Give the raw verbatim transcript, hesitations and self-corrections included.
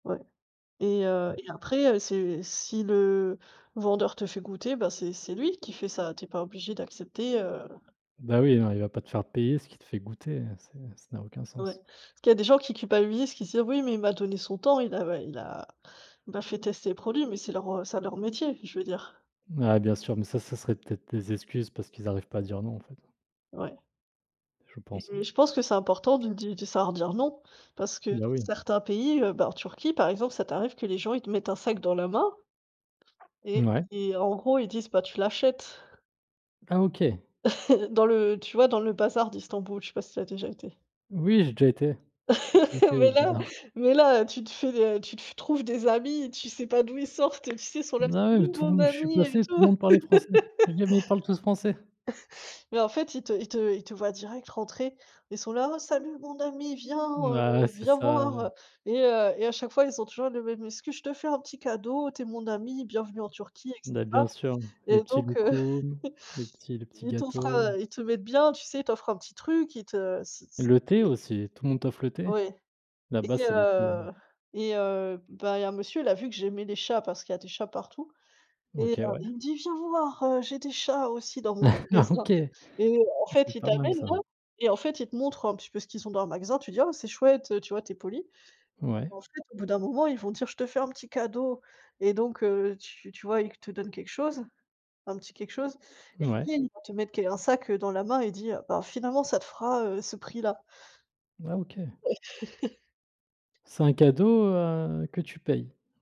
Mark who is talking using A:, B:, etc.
A: Ouais et heu
B: Ouais je
A: et
B: comprends.
A: après heu, c'est si le vendeur te fait goûter, bah, c'est c'est lui qui fait ça. Tu es pas obligé d'accepter, heu
B: Bah oui, non il va pas te faire payer ce qui te fait goûter, heu, ça ça n'a aucun
A: Ouais,
B: sens.
A: parce qu'il y a des gens qui culpabilisent, qui se disent: «Oui mais il m'a donné son temps, il a ouais il a il m'a fait tester les produits». Mais c'est leur ça leur métier, je veux dire.
B: Ouais, bien sûr, mais ça, ça serait peut-être des excuses parce qu'ils arrivent pas à dire non, en fait
A: Ouais
B: je pense, hein.
A: et je pense que c'est important de di de savoir dire «non» parce que dans
B: Bah oui.
A: certains pays, heu, bah en Turquie, par exemple, ça t'arrive que les gens ils te mettent un sac dans la main et
B: Mouais.
A: et en gros ils disent: «Bah, tu l'achètes».
B: Ah OK.
A: Dans le tu vois, dans le bazar d'Istanbul, je sais pas si tu as déjà été?
B: Oui j'ai déjà été, j'ai déjà été au
A: Mais là,
B: bazar.
A: mais là, heu, tu te fais, heu, tu te fa tu trouves des amis, tu sais pas d'où ils sortent tu sais, ils sont là:
B: Ah
A: «C'est
B: ouais, mais
A: lui
B: tout le
A: mon
B: monde je suis
A: ami et
B: passé, tout le
A: tout».
B: monde parlait français, j'ai dit: «Mais il parlent tous français».
A: Mais en fait, ils te ils te ils te voient direct rentrer, ils sont là: «Oh salut mon ami, viens, heu,
B: Ah ouais, c'est
A: viens
B: ça, heu
A: voir». Et heu et à chaque fois ils ont toujours la même excuse: «Je te fais un petit cadeau, tu es mon ami, bienvenue en Turquie et
B: Bah,
A: cetera».
B: bien sûr, les
A: Et
B: petits
A: donc heu,
B: loukoum, les petits les petits
A: ils t'offrent
B: gâteaux
A: à ils te mettent bien, tu sais ils t'offrent un petit truc, ils te c'est c'est
B: Le thé
A: ils
B: aussi, tout le monde t'offre le thé,
A: Ouais et
B: là-bas, c'est le thé
A: heu et heu, bah il y a un monsieur, il a vu que j'aimais les chats parce qu'il y des chats partout et heu,
B: OK, ouais.
A: il me dit: «Viens voir, heu, j'ai des chats aussi dans mon magasin».
B: OK, ah,
A: Et en fait,
B: c'est
A: il
B: pas mal
A: t'amène
B: ça.
A: là et en fait, il te montre un petit peu ce qu'ils ont dans le magasin, tu dis: «Oh c'est chouette, heu». Tu vois, tu es polie.
B: Ouais.
A: En fait, au bout d'un moment, ils vont dire: «Je te fais un petit cadeau». Et donc heu, tu tu vois, il te donne quelque chose, un petit quelque chose, ils
B: Ouais.
A: viennent il va te mettre qu un sac dans la main et dit, heu: «Bah finalement ça te fera, heu, ce prix-là».
B: Ah, OK c'est un cadeau, heu, que tu payes?